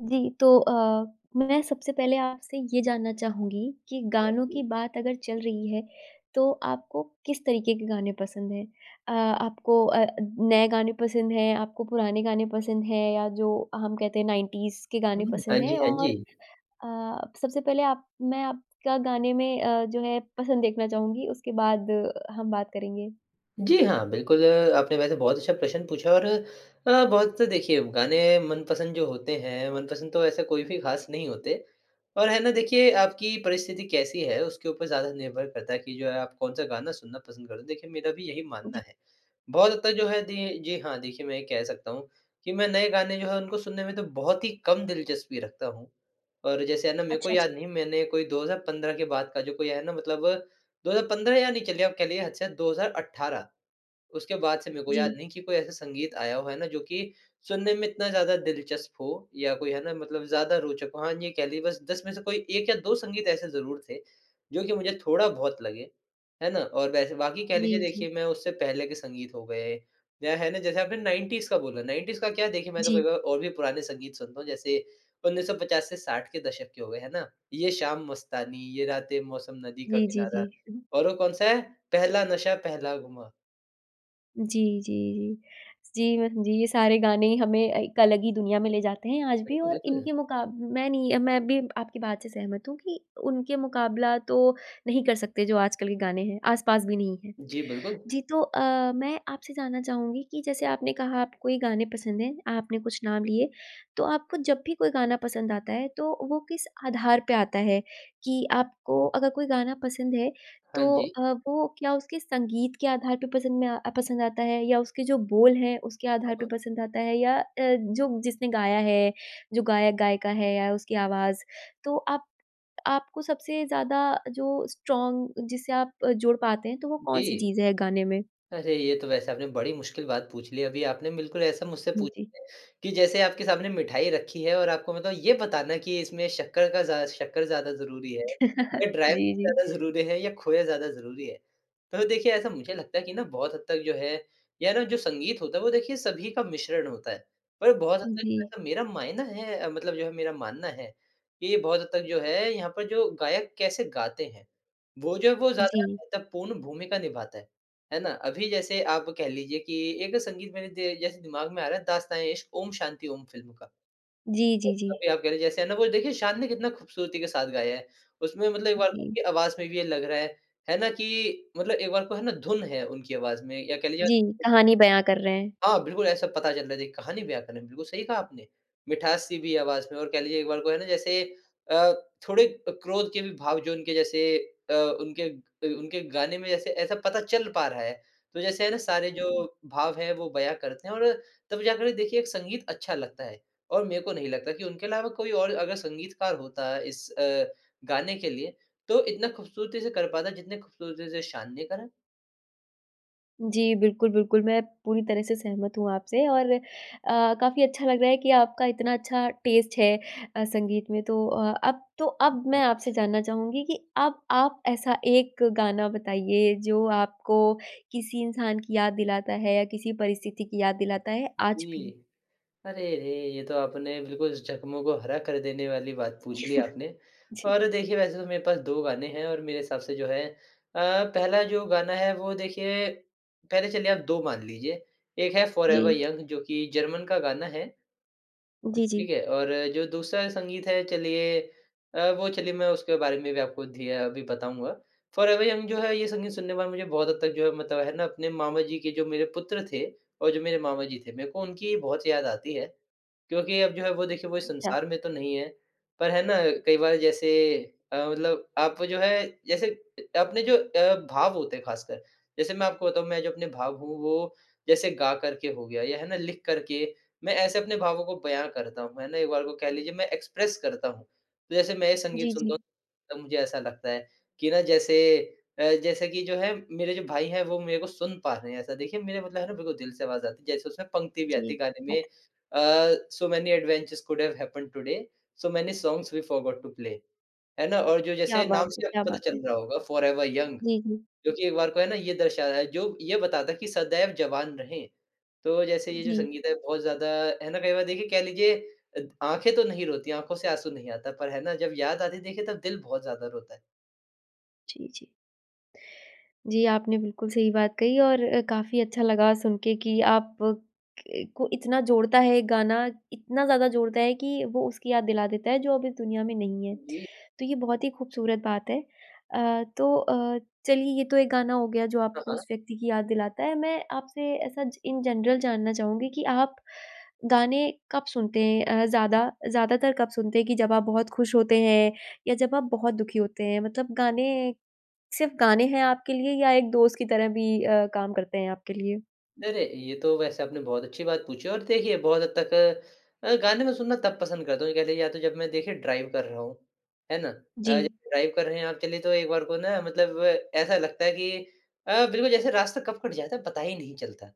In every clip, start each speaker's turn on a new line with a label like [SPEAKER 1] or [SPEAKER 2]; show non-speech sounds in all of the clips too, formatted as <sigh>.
[SPEAKER 1] जी, तो अ, मैं सबसे पहले आपसे ये जानना चाहूँगी कि गानों की
[SPEAKER 2] <unintelligible>
[SPEAKER 1] बात अगर चल रही है, तो आपको किस तरीके के गाने पसंद है? अ, आपको अ, नए गाने पसंद हैं? आपको पुराने गाने पसंद हैं? या जो हम कहते हैं 90s के गाने
[SPEAKER 2] हुँ, हाँ
[SPEAKER 1] पसंद
[SPEAKER 2] जी,
[SPEAKER 1] है?
[SPEAKER 2] हाँ
[SPEAKER 1] और
[SPEAKER 2] जी।
[SPEAKER 1] अ, सबसे पहले आप मैं आपका गाने में अ, जो है पसंद देखना चाहूँगी, उसके बाद हम बात करेंगे।
[SPEAKER 2] जी, हाँ बिल्कुल, अ, आपने वैसे बहुत अच्छा प्रश्न पूछा और अ, बहुत देखिए गाने मनपसंद जो होते हैं, मनपसंद तो ऐसे कोई भी खास नहीं होते और है ना, देखिए आपकी परिस्थिति कैसी है, उसके ऊपर ज़्यादा निर्भर करता है कि जो है, आप कौन-सा गाना सुनना पसंद कर देखिए मेरा भी यही मानना
[SPEAKER 1] जी।
[SPEAKER 2] है। बहुत हद तक जो है दी जी हाँ, देखिए मैं ये कह सकता हूँ कि मैं नए गाने जो हैं उनको सुनने में तो बहुत ही कम दिलचस्पी रखता हूँ। और जैसे है ना, मेरे को
[SPEAKER 1] अच्छा, अच्छा।
[SPEAKER 2] याद नहीं मैंने कोई 2015 के बाद का जो कोई है ना, मतलब 2015 या नहीं चलिए आप कह लीजिए, हद से हद 2018 उसके बाद से मेरे को याद
[SPEAKER 1] जी।
[SPEAKER 2] नहीं कि कोई ऐसा संगीत आया हो, है ना? जो कि सुनने में इतना ज़्यादा दिलचस्प हो या कोई है ना मतलब ज़्यादा रोचक हो। हाँ ये कह ली बस 10 में से कोई 1 या 2 संगीत ऐसे ज़रूर थे, जो कि मुझे थोड़ा बहुत लगे। है ना? और वैसे बाकी कह लीजिए
[SPEAKER 1] जी, जी।
[SPEAKER 2] देखिए, मैं उससे पहले के संगीत हो गए या है ना? जैसे आपने 90s का बोला 90s का क्या है, देखिए, मैं तो
[SPEAKER 1] जी।
[SPEAKER 2] कभी-कभार और भी पुराने संगीत सुनता हूँ, जैसे 1950 से 60 के दशक के हो गए है ना? ये शाम मस्तानी, ये रातें मौसम नदी का
[SPEAKER 1] जी, जी,
[SPEAKER 2] किनारा
[SPEAKER 1] जी।
[SPEAKER 2] और वो कौन-सा है? पहला नशा पहला घुमा।
[SPEAKER 1] जी, जी, जी। जी मैं जी ये सारे गाने हमें एक अलग ही दुनिया में ले जाते हैं आज भी और
[SPEAKER 2] <unintelligible> तो है।
[SPEAKER 1] इनके मुकाब मैं नहीं, मैं भी आपकी बात से सहमत हूँ कि उनके मुकाबला तो नहीं कर सकते जो आजकल के गाने हैं, आस-पास भी नहीं है।
[SPEAKER 2] जी, बिल्कुल।
[SPEAKER 1] जी तो अ, मैं आपसे जानना चाहूँगी कि जैसे आपने कहा आपको ये गाने पसंद हैं, आपने कुछ नाम लिए तो आपको जब भी कोई गाना पसंद आता है तो वो किस आधार पे आता है? कि आपको अगर कोई गाना पसंद है तो
[SPEAKER 2] हाँ जी।
[SPEAKER 1] अ, वो क्या उसके संगीत के आधार पे पसंद में आ पसंद आता है? या उसके जो बोल है उसके
[SPEAKER 2] हाँ,
[SPEAKER 1] आधार पर
[SPEAKER 2] हाँ।
[SPEAKER 1] पसंद आता है? या अ, जो जिसने गाया है, जो गायक-गायिका है या उसकी आवाज़? तो आप आपको सबसे ज़्यादा जो स्ट्रॉंग जिससे आप जुड़ पाते हैं तो वो कौन-सी
[SPEAKER 2] जी।
[SPEAKER 1] चीज़ है गाने में?
[SPEAKER 2] अरे! ये तो वैसे आपने बड़ी मुश्किल बात पूछ ली। अभी आपने बिल्कुल ऐसा मुझसे
[SPEAKER 1] हुँ,
[SPEAKER 2] पूछ
[SPEAKER 1] जी।
[SPEAKER 2] कि जैसे आपके सामने मिठाई रखी है और आपको मतलब ये बताना कि इसमें शक्कर का ज़ा शक्कर ज़्यादा ज़रूरी है या
[SPEAKER 1] <chuckles>
[SPEAKER 2] ड्राइव
[SPEAKER 1] जी, जी।
[SPEAKER 2] ज़्यादा ज़रूरी है या खोया ज़्यादा ज़रूरी है। तो देखिये ऐसा मुझे लगता है कि ना बहुत हद तक जो है या जो संगीत होता है वो देखिये सभी का मिश्रण होता है। पर बहुत हद
[SPEAKER 1] जी।
[SPEAKER 2] तक मेरा मायना है मतलब जो है मेरा मानना है कि ये बहुत हद तक जो है यहाँ पर जो गायक कैसे गाते है। वो जो है वो ज़्यादा
[SPEAKER 1] जी।
[SPEAKER 2] महत्वपूर्ण भूमिका निभाता है, है ना। अभी जैसे आप कह लीजिये कि एक संगीत मेरे दे जैसे दिमाग में आ रहा है दास्तान-ए-इश्क ओम शांति ओम फिल्म का।
[SPEAKER 1] जी, जी, जी।
[SPEAKER 2] अभी आप कह लीजिए जैसे ना वो देखिये शान ने कितना खूबसूरती के साथ गाया है। उसमे मतलब एक बार
[SPEAKER 1] जी।
[SPEAKER 2] उनकी आवाज़ में भी ये लग रहा है, है ना कि मतलब एक बार को है ना धुन है उनकी आवाज में। या कह लीजिए
[SPEAKER 1] जी, कहानी बयाँ कर रहे हैं।
[SPEAKER 2] हाँ, बिल्कुल, ऐसा पता चलता है देखिए कहानी बयाँ कर रहे, बिल्कुल सही कहा आपने। मिठास सी भी आवाज़ में और कह लीजिये एक बार को है ना जैसे अ, थोड़े क क्रोध के भी भाव जो उनके जैसे अ, उनके उनके गाने में जैसे ऐसा पता चल पा रहा है। तो जैसे है ना सारे जो
[SPEAKER 1] उम
[SPEAKER 2] भाव है वो बयाँ करते है और तब जा कर देखिये एक संगीत अच्छा लगता है। और मेरे को नहीं लगता कि उनके अलावा कोई और अगर संगीतकार होता इस अ, गाने के लिए तो इतना खूबसूरती से कर पाता है जितनी खूबसूरती से शान ने करा।
[SPEAKER 1] जी बिल्कुल, बिल्कुल मैं पूरी तरह से सहमत हूँ आपसे और अ, काफ़ी अच्छा लग रहा है कि आपका इतना अच्छा टेस्ट है अ, संगीत में। तो अ, अब तो अब मैं आपसे
[SPEAKER 2] <unintelligible>
[SPEAKER 1] जानना चाहूँगी कि अब आप ऐसा एक गाना बताइए जो आपको किसी इंसान की याद दिलाता है या किसी परिस्थिति की याद दिलाता है आज
[SPEAKER 2] जी।
[SPEAKER 1] भी?
[SPEAKER 2] अरे रे! ये तो आपने बिल्कुल ज़ख्मों को हरा कर देने वाली बात पूछ ली
[SPEAKER 1] <chuckles>
[SPEAKER 2] आपने
[SPEAKER 1] जी।
[SPEAKER 2] और देखिए वैसे तो मेरे पास 2 गाने हैं और मेरे हिसाब से जो है अ, पहला जो गाना है वो देखिए पहले चलिए आप 2 मान लीजिए। एक है Forever
[SPEAKER 1] जी।
[SPEAKER 2] Young जो कि जर्मन का गाना है।
[SPEAKER 1] जी, जी।
[SPEAKER 2] ठीक है? और जो दूसरा संगीत है चलिए अ, वो चलिए मैं उसके बारे में भी आपको धी अ, अभी बताऊँगा। Forever Young जो है ये संगीत सुनने के बाद मुझे बहुत हद तक जो है मतलब है ना अपने मामा जी के जो मेरे पुत्र थे और जो मेरे मामा जी थे, मेरे को उनकी बहुत याद आती है। क्योंकि अब जो है वो देखिए वो इस
[SPEAKER 1] अच्छा।
[SPEAKER 2] संसार में तो नहीं है। पर है ना कई बार जैसे अ, मतलब आप जो है जैसे अपने जो अ, भाव होते हैं ख़ासकर जैसे मैं आपको बताऊँ मैं जो अपने भाव हूँ वो जैसे गा करके हो गया या है ना लिख कर के मैं ऐसे अपने भावों को बयाँ करता हूँ, है ना? एक बार को कह लीजिए मैं एक्सप्रेस करता हूँ। जैसे मैं संगीत ये
[SPEAKER 1] जी,
[SPEAKER 2] सुनता हूँ
[SPEAKER 1] जी।
[SPEAKER 2] तो मुझे ऐसा लगता है कि ना जैसे अ, जैसे कि जो है मेरे जो भाई हैं वो मेरे को सुन पा रहे हैं। ऐसा देखिए मेरा मतलब है ना बिल्कुल दिल से आवाज़ आती है जैसे उसमे पंक्ति भी
[SPEAKER 1] जी
[SPEAKER 2] आती है गाने में
[SPEAKER 1] हत
[SPEAKER 2] अ, "so many adventures could have happened today so many songs we forgot to play", है ना? और जो
[SPEAKER 1] क्या
[SPEAKER 2] जैसे
[SPEAKER 1] बात
[SPEAKER 2] नाम
[SPEAKER 1] है
[SPEAKER 2] से
[SPEAKER 1] क्या
[SPEAKER 2] आपको पता
[SPEAKER 1] बात
[SPEAKER 2] चल
[SPEAKER 1] है!
[SPEAKER 2] रहा होगा Forever Young
[SPEAKER 1] जी, जी।
[SPEAKER 2] जो कि एक बार को है ना ये दर्शा रहा है जो ये बताता है कि सदैव जवान रहें। तो जैसे ये जो
[SPEAKER 1] जी।
[SPEAKER 2] संगीत है बहुत ज़्यादा है ना कई बार देखिए कह लीजिए अत आँखे तो नहीं रोती, आँखों से आँसू नहीं आता पर है ना जब याद आती देखिए तब दिल बहुत ज़्यादा रोता है।
[SPEAKER 1] जी जी। जी आपने बिल्कुल सही बात कही और काफ़ी अच्छा लगा सुन के कि आप क को इतना जोड़ता है ये गाना, इतना ज़्यादा जोड़ता है कि वो उसकी याद दिला देता है जो अब इस दुनिया में नहीं है।
[SPEAKER 2] जी।
[SPEAKER 1] तो ये बहुत ही खूबसूरत बात है। अ, तो अ, चलिए ये तो एक गाना हो गया जो
[SPEAKER 2] हाँ,
[SPEAKER 1] आपको
[SPEAKER 2] हाँ।
[SPEAKER 1] उस व्यक्ति की याद दिलाता है। मैं आपसे ऐसा ज इन जनरल जानना चाहूँगी कि आप गाने कब सुनते हैं? अ, ज़्यादा ज़्यादातर कब सुनते हैं कि जब आप बहुत खुश होते हैं या जब आप बहुत दुखी होते हैं? मतलब गाने, सिर्फ़ गाने हैं आपके लिए या एक दोस्त की तरह भी अ, काम करते हैं आपके लिए?
[SPEAKER 2] नहीं नहीं, ये तो वैसे आपने बहुत अच्छी बात पूछी और देखिए बहुत हद तक अ, गाने मैं सुनना तब पसंद करता हूँ जब कह लीजिए या तो जब मैं देखिए ड्राइव कर रहा हूँ, है ना। अ,
[SPEAKER 1] जी।
[SPEAKER 2] जैसे ड्राइव कर रहे हैं आप चलिए तो एक बार को ना मतलब ऐसा लगता है कि अ, बिल्कुल जैसे रास्ता कब कट जाता है पता ही नहीं चलता।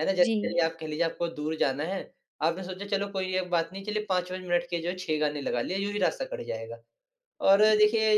[SPEAKER 2] है ना? जैसे
[SPEAKER 1] जी।
[SPEAKER 2] चलिए आप कह लीजिए आपको दूर जाना है, आपने सोचा चलो कोई बात नहीं चलिए 5-5 मिनट के जो 6 गाने लगा लिए यूँ ही रास्ता कट जाएगा और देखिए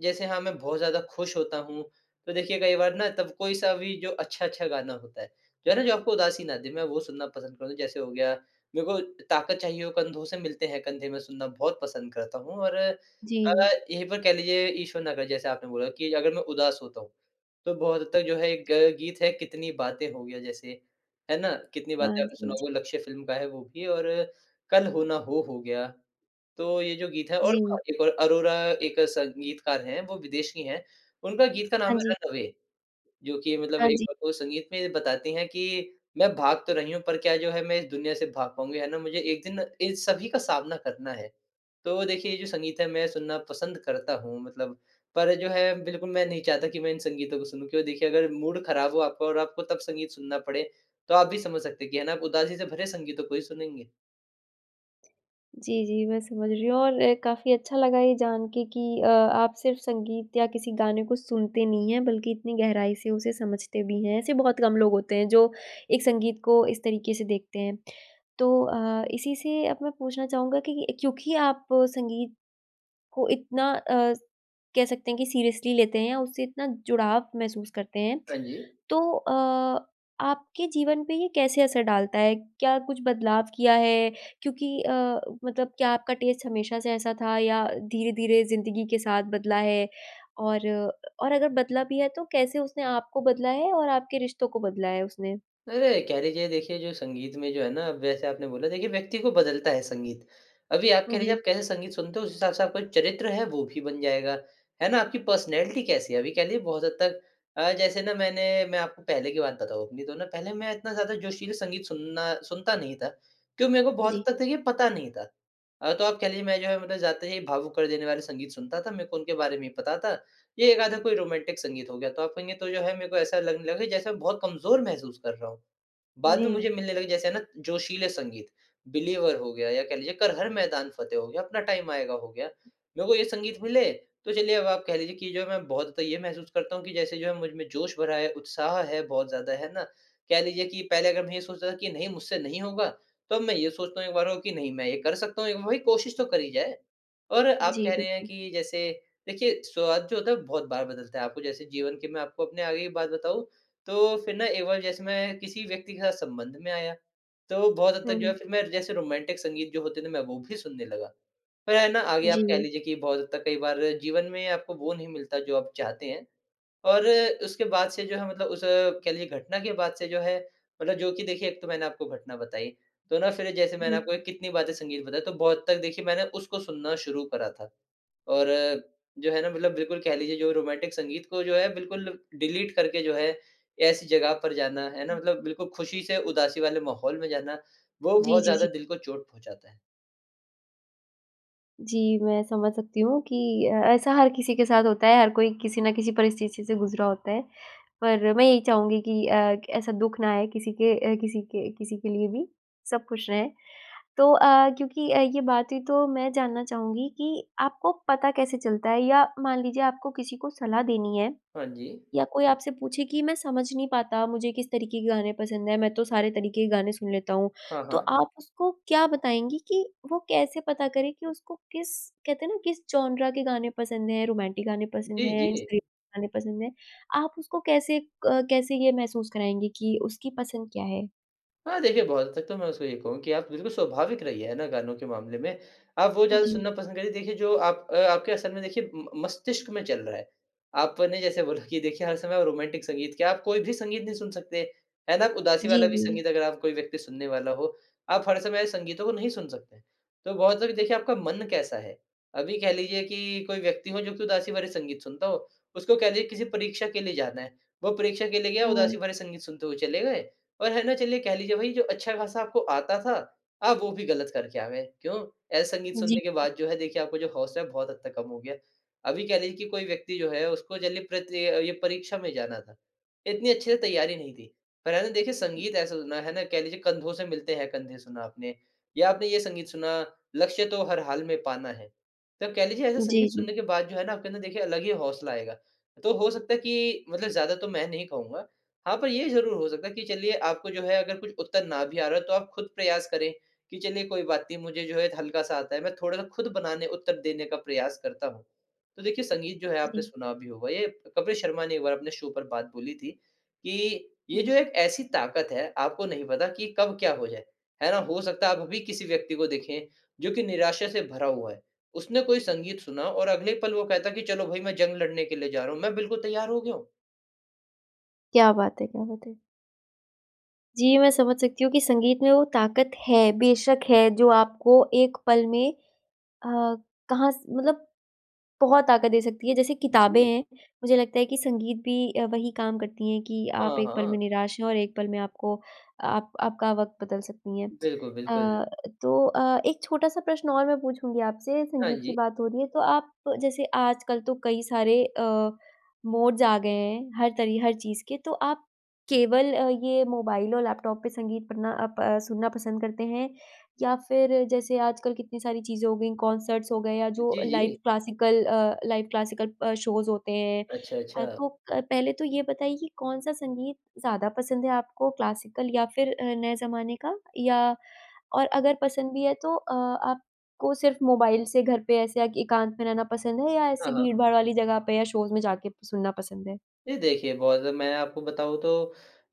[SPEAKER 2] जैसे हाँ मैं बहुत ज़्यादा खुश होता हूँ, तो देखिए कई बार ना तब कोई सा भी जो अच्छा-अच्छा गाना होता है, जो है ना जो आपको उदासी ना दे मैं वो सुनना पसंद करूँगा। जैसे हो गया मेरे को ताकत चाहिए हो कंधों से मिलते है कंधे मैं सुनना बहुत पसंद करता हूँ और अ,
[SPEAKER 1] जी।
[SPEAKER 2] यही पर कह लीजिए ईश्वर ना करे, जैसे आपने बोला कि अगर मैं उदास होता हूँ, तो बहुत हद तक जो है एक ग गीत है कितनी बातें हो गया जैसे, है ना? कितनी
[SPEAKER 1] हाँ
[SPEAKER 2] बातें
[SPEAKER 1] जी,
[SPEAKER 2] आपने
[SPEAKER 1] हाँ
[SPEAKER 2] सुना
[SPEAKER 1] जी।
[SPEAKER 2] होगा लक्ष्य फ़िल्म का है वो भी और कल हो ना हो हो गया। तो ये जो गीत है और हाँ,
[SPEAKER 1] जी।
[SPEAKER 2] एक और अरोरा एक संगीतकार है वो विदेशी हैं, उनका गीत का नाम
[SPEAKER 1] हाँ
[SPEAKER 2] है
[SPEAKER 1] जी।
[SPEAKER 2] रन अवे, जो कि मतलब
[SPEAKER 1] हाँ
[SPEAKER 2] एक
[SPEAKER 1] जी।
[SPEAKER 2] संगीत में बताती है कि मैं भाग तो रही हूँ पर क्या जो है मैं इस दुनिया से भाग पाऊँगी? है ना मुझे एक दिन इन सभी का सामना करना है। तो देखिए ये जो संगीत है मैं सुनना पसंद करता हूँ मतलब पर जो है बिल्कुल मैं नहीं चाहता कि मैं इन संगीतों को सुनूँ क्योंकि देखिए अगर मूड खराब हो आपका और आपको तब संगीत सुनना पड़े। तो आप भी समझ सकते हैं कि है ना आप उदासी से भरे संगीतों को ही सुनेंगे।
[SPEAKER 1] जी, जी, मैं समझ रही हूँ और काफ़ी अच्छा लगा ये जान के कि अ, आप सिर्फ़ संगीत या किसी गाने को सुनते नहीं हैं बल्कि इतनी गहराई से उसे समझते भी हैं, ऐसे बहुत कम लोग होते हैं जो एक संगीत को इस तरीके से देखते हैं। तो अ, इसी से अब मैं पूछना चाहूँगा कि क्योंकि आप संगीत को इतना अस कह सकते हैं कि सीरियसली लेते हैं, उससे इतना जुड़ाव महसूस करते हैं,
[SPEAKER 2] हाँ जी।
[SPEAKER 1] तो अ, आपके जीवन पे ये कैसे असर डालता है? क्या कुछ बदलाव किया है क्योंकि अ, मतलब क्या आपका टेस्ट हमेशा से ऐसा था या धीरे-धीरे ज़िंदगी के साथ बदला है? और और अगर बदला भी है तो कैसे उसने आपको बदला है और आपके रिश्तों को बदला है उसने?
[SPEAKER 2] अरे! कह लीजिए, देखिए जो संगीत में जो है ना वैसे आपने बोला, देखिए व्यक्ति को बदलता है संगीत। अभी आप
[SPEAKER 1] हुँ,
[SPEAKER 2] कह लीजिए,
[SPEAKER 1] जी।
[SPEAKER 2] आप कैसे संगीत सुनते हो जिस हिसाब से आपका चरित्र है वो भी बन जाएगा। है ना? आपकी पर्सनैलिटी कैसी है अभी कह लीजिए बहुत हद तक अ, जैसे ना मैंने मैं आपको पहले की बात बताऊँ अपनी तो ना पहले मैं इतना ज़्यादा जोशीला संगीत सुनना सुनता नहीं था। क्यों मेरे को बहुत
[SPEAKER 1] जी।
[SPEAKER 2] हद तक ये पता नहीं था अ, तो आप कह लीजिए मैं जो है जाते ही भावुक कर देने वाले संगीत सुनता था, मेरे को उनके बारे में ही पता था ये 1 आधा कोई रोमांटिक संगीत हो गया तो आप कहेंगे तो जो है मेरे को ऐसा लगने लगा जैसे बहुत कमज़ोर महसूस कर रहा हूँ। बाद में
[SPEAKER 1] जी।
[SPEAKER 2] मुझे मिलने लगे जैसे ना जोशीले संगीत बिलीवर हो गया या कह लीजिए कर हर मैदान फतेह हो गया, अपना टाइम आएगा हो गया। मेरे को ये संगीत मिले तो चलिए अब आप कह लीजिए कि जो मैं बहुत ज़्यादा ये महसूस करता हूँ कि जैसे जो है मुझ में जोश भरा है, उत्साह है बहुत ज़्यादा है ना? कह लीजिए कि पहले अगर मैं ये सोच रहा था कि नहीं मुझसे नहीं होगा तो अब मैं ये सोचता हूँ एक बार को नहीं मैं ये कर सकता हूँ एक भ भई कोशिश तो करी जाए और आप
[SPEAKER 1] जी,
[SPEAKER 2] कह रहे हैं
[SPEAKER 1] बिल्कुल।
[SPEAKER 2] कि जैसे देखिए स्वाद जो होता है बहुत बार बदलता है आपको जैसे जीवन के मैं आपको अपने आगे की बात बताऊँ, तो फिर ना एक बार जैसे मैं किसी व्यक्ति के साथ संबंध में आया, तो बहुत हद
[SPEAKER 1] हुँ,
[SPEAKER 2] तक जो
[SPEAKER 1] हुँ।
[SPEAKER 2] फिर मैं जैसे रोमांटिक संगीत जो होते थे मैं वो भी सुनने लगा। फिर है ना आगे आप कह
[SPEAKER 1] जी।
[SPEAKER 2] लीजिए कि बहुत हद तक कई बार जीवन में आपको वो नहीं मिलता जो आप चाहते हैं और उसके बाद से जो है मतलब उस कह लीजिए घटना के बाद से जो है मतलब जो कि देखिए एक तो मैंने आपको घटना बताई। तो ना फिर जैसे मैंने
[SPEAKER 1] उहुँ।
[SPEAKER 2] आपको कितनी वाद्य संगीत बताई, तो बहुत तक देखिए मैंने उसको सुनना शुरू करा था और जो है ना मतलब बिल्कुल कह लीजिए जो रोमांटिक संगीत को जो है बिल्कुल डिलीट करके जो है ऐसी जगह पर जाना है ना? मतलब बिल्कुल ख़ुशी से उदासी वाले माहौल में जाना, वो
[SPEAKER 1] जी,
[SPEAKER 2] बहुत
[SPEAKER 1] जी,
[SPEAKER 2] ज़्यादा
[SPEAKER 1] जी।
[SPEAKER 2] दिल को चोट पहुँचाता है।
[SPEAKER 1] जी, मैं समझ सकती हूँ कि अ, ऐसा हर किसी के साथ होता है, हर कोई किसी न किसी परिस्थिति से गुज़रा होता है, पर मैं यही चाहूँगी कि अ, ऐसा दुःख ना आए किसी के अ, किसी के किसी के लिए भी, सब खुश रहें। तो अ, क्योंकि अ, ये बात ही तो मैं जानना चाहूँगी कि आपको पता कैसे चलता है या मान लीजिए आपको किसी को सलाह देनी है
[SPEAKER 2] हाँ जी।
[SPEAKER 1] या कोई आपसे पूछे कि मैं समझ नहीं पाता मुझे किस तरीके के गाने पसंद हैं मैं तो सारे तरीके के गाने सुन लेता हूँ।
[SPEAKER 2] हाँ,
[SPEAKER 1] तो
[SPEAKER 2] हाँ।
[SPEAKER 1] आप उसको क्या बताएँगे कि वो कैसे पता करें कि उसको किस कहते हैं ना किस जॉनरा के गाने पसंद हैं, रोमांटिक गाने पसंद
[SPEAKER 2] जी,
[SPEAKER 1] हैं
[SPEAKER 2] जी।
[SPEAKER 1] <unintelligible> गाने पसंद हैं, आप उसको कैसे क कैसे ये महसूस कराएँगी कि उसकी पसंद क्या है?
[SPEAKER 2] हाँ, देखिए बहुत हद तक तो मैं उसको ये कहूँगा कि आप बिल्कुल स्वाभाविक रहिए है ना गानों के मामले में, आप वो ज़्यादा
[SPEAKER 1] जी।
[SPEAKER 2] सुनना पसंद करिए देखिए जो आप अ, आपके असल में देखिए म मस्तिष्क में चल रहा है। आपने जैसे बोला कि देखिए हर समय रोमांटिक संगीत क्या आप कोई भी संगीत नहीं सुन सकते। है ना, आप उदासी
[SPEAKER 1] जी,
[SPEAKER 2] वाला भी
[SPEAKER 1] जी।
[SPEAKER 2] संगीत अगर आप कोई व्यक्ति सुनने वाला हो, आप हर समय संगीतों को नहीं सुन सकते, तो बहुत लोग देखिए आपका मन कैसा है, अभी कह लीजिए कि कोई व्यक्ति हो जो कि उदासी वाले संगीत सुनता हो, उसको कह लीजिए किसी परीक्षा के लिए जाना है, वो परीक्षा के लिए गया उदासी
[SPEAKER 1] हुँ।
[SPEAKER 2] भरे संगीत सुनते हुए चले गए और है ना, चलिए कह लीजिए भई जो अच्छा-खासा आपको आता था आप वो भी गलत करके आ गए। क्यों, ऐसा संगीत
[SPEAKER 1] जी।
[SPEAKER 2] सुनने के बाद जो है देखिए आपको जो हौसला है बहुत हद तक कम हो गया। अभी कह लीजिए कि कोई व्यक्ति जो है उसको जल्दी प्रत्ये ये परीक्षा में जाना था, इतनी अच्छे से तैयारी नहीं थी पर है ना देखिए संगीत ऐसा सुना है ना कह लीजिए कंधों से मिलते है कंधे सुना आपने या आपने ये संगीत सुना लक्ष्य तो हर हाल में पाना है, तो कह लीजिए ऐसा
[SPEAKER 1] जी,
[SPEAKER 2] संगीत
[SPEAKER 1] जी।
[SPEAKER 2] सुनने के बाद जो है आपके अंदर देखिए अलग ही हौसला आएगा। तो हो सकता है कि मतलब ज़्यादा तो मैं नहीं कहूँगा हाँ, पर ये ज़रूर हो सकता है कि चलिए आपको जो है अगर कुछ उत्तर ना भी आ रहा है तो आप खुद प्रयास करें कि चलिए कोई बात नहीं मुझे जो है हल्का-सा आता है, मैं थोड़ा-सा खुद बनाने उत्तर देने का प्रयास करता हूँ। तो देखिए संगीत जो है आपने
[SPEAKER 1] जी।
[SPEAKER 2] सुना भी होगा ये कपिल शर्मा ने एक बार अपने शो पर बात बोली थी कि, "ये
[SPEAKER 1] जी।
[SPEAKER 2] जो एक ऐसी ताकत है आपको नहीं पता कि कब क्या हो जाए, है ना? हो सकता है आप अभी किसी व्यक्ति को देखे जो कि निराशा से भरा हुआ है, उसने कोई संगीत सुना हो और अगले पल वो कहता है कि चलो भाई मैं जंग लड़ने के लिए जा रहा हूँ, मैं बिल्कुल तैयार हो गया हूँ।"
[SPEAKER 1] क्या बात है क्या बात है! जी, मैं समझ सकती हूँ कि संगीत में वो ताकत है, बेशक है जो आपको एक पल में अ, कहाँ से मतलब बहुत ताकत दे सकती है। जैसे किताबें
[SPEAKER 2] जी।
[SPEAKER 1] हैं, मुझे लगता है कि संगीत भी अ, वही काम करती हैं कि आप
[SPEAKER 2] हाँ,
[SPEAKER 1] एक पल
[SPEAKER 2] हाँ।
[SPEAKER 1] में निराश हैं और एक पल में आपको आप आपका वक़्त बदल सकती है।
[SPEAKER 2] बिल्कुल, बिल्कुल।
[SPEAKER 1] अ, तो अ, एक छोटा-सा प्रश्न और मैं पूछूँगी आपसे,
[SPEAKER 2] हाँ
[SPEAKER 1] संगीत की
[SPEAKER 2] जी।
[SPEAKER 1] बात हो रही है तो आप जैसे आजकल तो कई सारे अ, मोड्स आ गए हैं, हर तरी हर चीज़ के तो आप केवल अ, ये मोबाइल और लैपटॉप पे संगीत पढ़ना अप अ, सुनना पसंद करते हैं या फिर जैसे आजकल कितनी सारी चीज़ें हो गई, कंसर्ट्स हो गए या जो
[SPEAKER 2] जी,
[SPEAKER 1] लाइव
[SPEAKER 2] जी।
[SPEAKER 1] क्लासिकल अ, लाइव क्लासिकल अ, शोज़ होते हैं।
[SPEAKER 2] अच्छा,
[SPEAKER 1] अ,
[SPEAKER 2] अच्छा।
[SPEAKER 1] तो पहले तो ये बताइए कि कौन-सा संगीत ज़्यादा पसंद है आपको क्लासिकल या फिर अ, नए ज़माने का या और अगर पसंद भी है तो अ, आपको सिर्फ मोबाइल से घर पे ऐसे अ, एकांत में रहना पसंद है या ऐसे
[SPEAKER 2] हाँ, हाँ।
[SPEAKER 1] भीड़-भाड़ वाली जगह पे या शोज़ में जाके सुनना पसंद है।
[SPEAKER 2] जी, देखिए बहुत ज़्यादा मैं आपको बताऊँ तो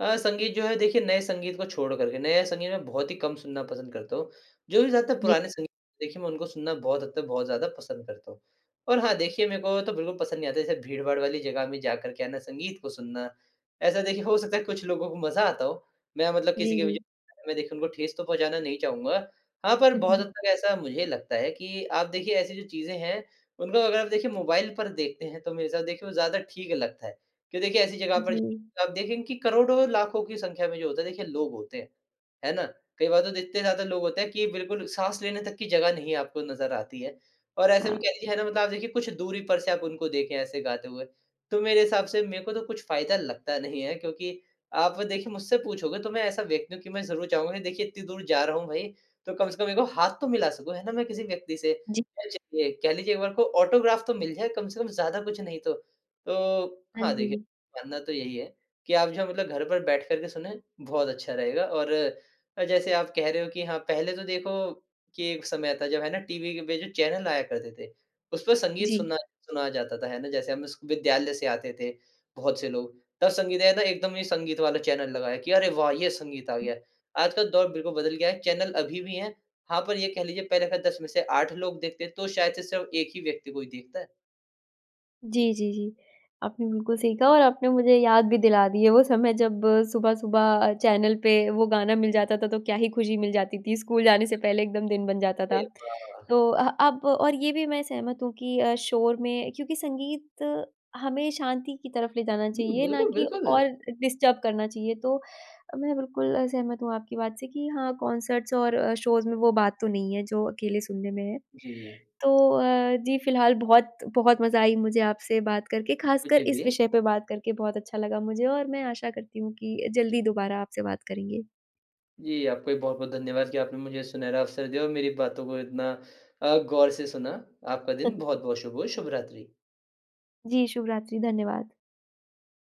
[SPEAKER 2] अ, संगीत जो है देखिए नए संगीत को छोड़ कर के नया संगीत में बहुत ही कम सुनना पसंद करता हूँ। जो भी ज़्यादातर
[SPEAKER 1] जी
[SPEAKER 2] पुराने संगीत देखिए मैं उनको सुनना बहुत हद तक बहुत ज़्यादा पसंद करता हूँ। और हाँ, देखिए मेरे को तो बिल्कुल पसंद नहीं आता जैसे भीड़-भाड़ वाली जगह में जा कर के है ना संगीत को सुनना, ऐसा देखिए हो सकता है कुछ लोगों को मज़ा आता हो, मैं मतलब किसी
[SPEAKER 1] जी,
[SPEAKER 2] के भी
[SPEAKER 1] जी।
[SPEAKER 2] जो <unintelligible> उनको ठेस तो पहुँचाना नहीं चाहूँगा। हाँ, पर बहुत हद
[SPEAKER 1] <chuckles>
[SPEAKER 2] तक ऐसा मुझे लगता है कि आप देखिए ऐसी जो चीज़े हैं उनको अगर आप देखिए मोबाइल पर देखते हैं तो मेरे हिसाब से देखिए वो ज़्यादा ठीक लगता है। क्यों देखिए ऐसी जगह पर
[SPEAKER 1] जी।
[SPEAKER 2] जाकर आप देखेंगे की करोड़ों-लाखों की संख्या में जो होता है देखिए लोग होते हैं। है ना? कई बार तो इतने ज़्यादा लोग होते है कि बिल्कुल साँस लेने तक की जगह नहीं आपको नज़र आती है। और ऐसे में
[SPEAKER 1] हाँ।
[SPEAKER 2] कह लीजिए है ना मतलब आप देखिए कुछ दूरी पर से आप उनको देखे ऐसे गाते हुए, तो मेरे हिसाब से मेरे को तो कुछ फ़ायदा लगता नहीं है, क्योंकि आप देखिए मुझसे पूछोगे तो मैं ऐसा व्यक्ति हूँ कि मैं ज़रूर चाहूँगा देखिए इतनी दूर जा रहा हूँ भई तो कम से कम एक बार हाथ तो मिला सकूँ है ना, मैं किसी व्यक्ति से?
[SPEAKER 1] जी।
[SPEAKER 2] <unintelligible> कह लीजिए एक बार को ऑटोग्राफ तो मिल जाए कम से कम ज़्यादा कुछ नहीं तो। तो
[SPEAKER 1] हाँ
[SPEAKER 2] हाँ, देखिए
[SPEAKER 1] जी।
[SPEAKER 2] मानना तो यही है कि आप जो मतलब घर पर बैठ कर के सुनें बहुत अच्छा रहेगा और जैसे आप कह रहे हो कि हाँ, पहले तो देखो कि एक समय था जब है ना टीवी के पे जो चैनल आया करते थे। उसपे संगीत
[SPEAKER 1] जी।
[SPEAKER 2] सुना सुनाया जाता था है ना जैसे हम स विद्यालय से आते थे बहुत से लोग। तब संगीत आया था एकदम संगीत वाला चैनल लगाया कि अरे, वाह! ये संगीत आ गया, आज का दौर बिल्कुल बदल गया है, चैनल अभी भी है। हाँ, पर ये कह लीजिए पहले का 10 में से 8 लोग देखते हैं तो शायद से सिर्फ़ एक ही व्यक्ति कोई देखता है।
[SPEAKER 1] जी, जी, जी आपने बिल्कुल सही कहा और आपने मुझे याद भी दिला दी है वो समय जब सुबह-सुबह चैनल पे वो गाना मिल जाता था तो क्या ही खुशी मिल जाती थी, स्कूल जाने से
[SPEAKER 2] <unintelligible>
[SPEAKER 1] पहले एकदम दिन बन जाता था।
[SPEAKER 2] अरे वाह!
[SPEAKER 1] तो अह, अब और ये भी मैं सहमत हूँ कि अ, शोर में क्योंकि संगीत हमें शांति की तरफ ले जाना
[SPEAKER 2] हुँ।
[SPEAKER 1] चाहिए ना
[SPEAKER 2] बिल्कुल,
[SPEAKER 1] कि
[SPEAKER 2] बिल्कुल।
[SPEAKER 1] और डिस्टर्ब करना चाहिए तो मैं बिल्कुल सहमत हूँ आपकी बात से कि हाँ, कंसर्ट्स और शोज़ में वो बात तो नहीं है जो अकेले सुनने में है।
[SPEAKER 2] जी।
[SPEAKER 1] तो अ, जी फिलहाल बहुत बहुत मज़ा आई मुझे आपसे बात करके,
[SPEAKER 2] कुछ
[SPEAKER 1] खासकर इस
[SPEAKER 2] भी।
[SPEAKER 1] विषय पे बात करके बहुत अच्छा लगा मुझे और मैं आशा करती हूँ कि जल्दी दुबारा आपसे बात करेंगे।
[SPEAKER 2] जी, आपका भी बहुत-बहुत धन्यवाद कि आपने मुझे सुनहरा अवसर दिया और मेरी बातों को इतना अ, गौर से सुना। आपका दिन बहुत-बहुत
[SPEAKER 1] <chuckles>
[SPEAKER 2] शुभ हो। शुभरात्रि।
[SPEAKER 1] जी, शुभरात्रि। धन्यवाद।